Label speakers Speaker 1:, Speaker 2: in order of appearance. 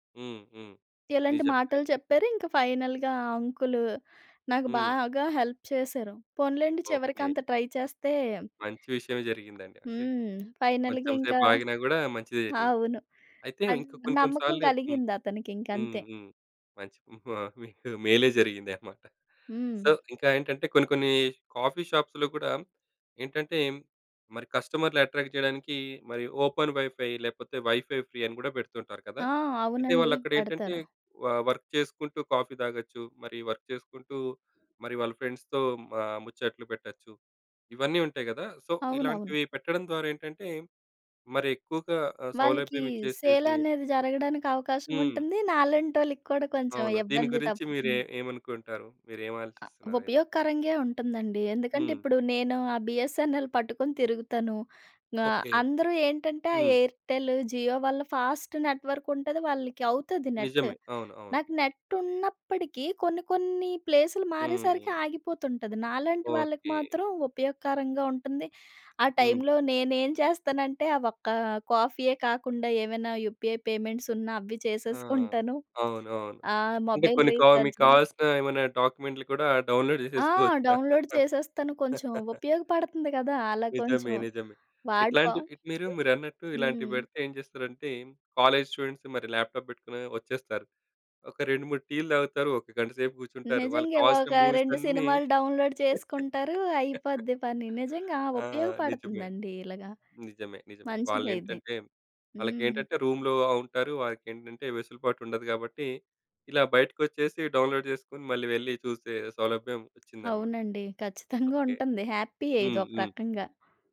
Speaker 1: హ్మ్. హ్మ్.
Speaker 2: ఇలాంటి
Speaker 1: నిజమే
Speaker 2: మాటలు
Speaker 1: ఐతే.
Speaker 2: చెప్పారు. ఇంకా ఫైనల్‌‌గా అంకులు నాకు
Speaker 1: హ్మ్.
Speaker 2: బాగా హెల్ప్ చేసారు. పోనీలెండి చివరికి
Speaker 1: ఓకే.
Speaker 2: అంత ట్రై చేస్తే
Speaker 1: మంచి విషయమే జరిగిందండి. అంటే,
Speaker 2: హ్మ్. ఫైనల్‌గా
Speaker 1: కొంచెం
Speaker 2: ఇంకా
Speaker 1: సేపు ఆగినా గూడా మంచిదే జరిగింది.
Speaker 2: అవును.
Speaker 1: అయితే
Speaker 2: అన్
Speaker 1: ఇంకా కొన్ని కొన్ని
Speaker 2: నమ్మకం
Speaker 1: సార్లు హ్మ్.
Speaker 2: కలిగిందతనికి ఇంక
Speaker 1: హ్మ్.
Speaker 2: అంతే.
Speaker 1: హ్మ్. మంచి హ్మ్. ఆ! మీకు మేలే జరిగింది అన్నమాట. సో,
Speaker 2: హ్మ్.
Speaker 1: ఇంకా ఏంటంటే, కొన్ని కొన్ని కాఫీ షాప్స్‌లో కూడా ఏంటంటే, మరి కస్టమర్‌‌లు అట్రాక్ట్ జేయడానికి మరి ఓపెన్ వైఫై లేపోతే వైఫై ఫ్రీ అని గూడా పెడుతుంటారు కదా!
Speaker 2: ఆ!
Speaker 1: అంటే
Speaker 2: అవునండి.
Speaker 1: వాళ్ళు అక్కడ ఏంటంటే,
Speaker 2: పెడతారు.
Speaker 1: వ వర్క్ చేసుకుంటూ, కాఫీ తాగొచ్చు. మరి వర్క్ చేసుకుంటూ, మరి వాళ్ళ ఫ్రెండ్స్‌తో ఆహ్, ముచ్చట్లు పెట్టొచ్చు. ఇవన్నీ ఉంటాయి గదా! సో,
Speaker 2: అవునవును.
Speaker 1: ఇలాంటివి పెట్టడం ద్వారా ఏంటంటే, మరి ఎక్కువగా ఆహ్,
Speaker 2: వాళ్ళకి
Speaker 1: సౌలభ్యం
Speaker 2: సేల్
Speaker 1: ఇచ్చేసేసి
Speaker 2: అనేది జరగడానికి అవకాశం
Speaker 1: హ్మ్.
Speaker 2: ఉంటుంది. నాలాంటోళ్ళకి కూడా కొంచెం
Speaker 1: అవును. దీని
Speaker 2: ఇబ్బంది
Speaker 1: గురించి మీరు ఎ
Speaker 2: తప్పుతుంది.
Speaker 1: ఏమనుకుంటారు? మీరు ఏం
Speaker 2: అ
Speaker 1: ఆలోచిస్తున్నారు అయితే?
Speaker 2: ఉపయోగకరంగే ఉంటుందండి. ఎందుకంటే
Speaker 1: హ్మ్.
Speaker 2: ఇప్పుడు, నేను ఆ బీఎస్ఎన్ఎల్ పట్టుకొని తిరుగుతాను ఆహ్,
Speaker 1: ఓకే.
Speaker 2: అందరూ ఏంటంటే, ఆ
Speaker 1: హ్మ్.
Speaker 2: ఎయిర్టెలు జియో వల్ల ఫాస్ట్ నెట్వర్క్ ఉంటది. వాళ్ళకి అవుతది నెటు,
Speaker 1: నిజమే. అవును. అవును.
Speaker 2: నాకు నెట్ ఉన్నప్పటికీ కొన్ని కొన్ని ప్లేసులు మారేసరికి
Speaker 1: హ్మ్.
Speaker 2: ఆగిపోతుంటది. నాలాంటి వాళ్ళకి
Speaker 1: ఓకే.
Speaker 2: మాత్రం ఉపయోగకరంగా ఉంటుంది. ఆ
Speaker 1: హ్మ్.
Speaker 2: టైంలో నేనేం చేస్తానంటే, ఆ ఒక్క కాఫీయే కాకుండా ఏమైనా యూపీఐ పేమెంట్స్ ఉన్నా అవి
Speaker 1: ఆ!
Speaker 2: చేసేసుకుంటను.
Speaker 1: అవును. అవును.
Speaker 2: ఆ!
Speaker 1: అంటే
Speaker 2: మొబైల్
Speaker 1: కొన్ని కా మీకు
Speaker 2: రీచార్జ్‌లు
Speaker 1: కావాల్సిన ఏమైనా డాక్యుమెంట్లు కూడా డౌన్‌లోడ్
Speaker 2: ఆ!
Speaker 1: జేసేసుకోవచ్చా?
Speaker 2: డౌన్‌లోడ్ చేసేస్తాను. కొంచెం ఉపయోగపడుతుంది కదా! అలా
Speaker 1: నిజమే.
Speaker 2: కొంచెం.
Speaker 1: నిజమే. ఇట్లాంటి
Speaker 2: వాడిపోం.
Speaker 1: ఇట్ మీరు మీరన్నట్టు ఇలాంటి
Speaker 2: హ్మ్.
Speaker 1: పెడితే ఏం జేస్తారంటే, కాలేజ్ స్టూడెంట్స్ మరి ల్యాప్‌టాప్ పెట్టుకొని వచ్చేస్తారు. ఒక 2, 3 టీ‌లు తాగుతారు. ఒక గంట సేపు గూర్చుంటారు. వాళ్ళకి
Speaker 2: నిజంగే
Speaker 1: కావాల్సిన
Speaker 2: ఒక
Speaker 1: మూవీస్
Speaker 2: 2
Speaker 1: అన్నీ
Speaker 2: సినిమాలు డౌన్‌లోడ్ చేసుకుంటారు. అయిపోద్ది పని నిజంగా
Speaker 1: ఆ! నిజమే.
Speaker 2: ఉపయోగపడుతుందండి ఇలాగ.
Speaker 1: నిజమే నిజమే.
Speaker 2: మంచిదే ఇది.
Speaker 1: వాళ్ళేంటంటే,
Speaker 2: హ్మ్.
Speaker 1: వాళ్ళకేంటంటే, రూమ్‌లో ఉంటారు. వాళ్ళకేంటంటే వెసులుబాటు ఉండదు గాబట్టి ఇలా బయటికొచ్చేసి డౌన్‌లోడ్ జేసుకొని మళ్ళీ వెళ్లి చూసే సౌలభ్యం వచ్చిందన్నమాట.
Speaker 2: అవునండి. ఖచ్చితంగా
Speaker 1: ఓకే.
Speaker 2: ఉంటుంది. హ్యాపీ‌యే
Speaker 1: హ్మ్.
Speaker 2: ఇదొక
Speaker 1: హ్మ్.
Speaker 2: రకంగా.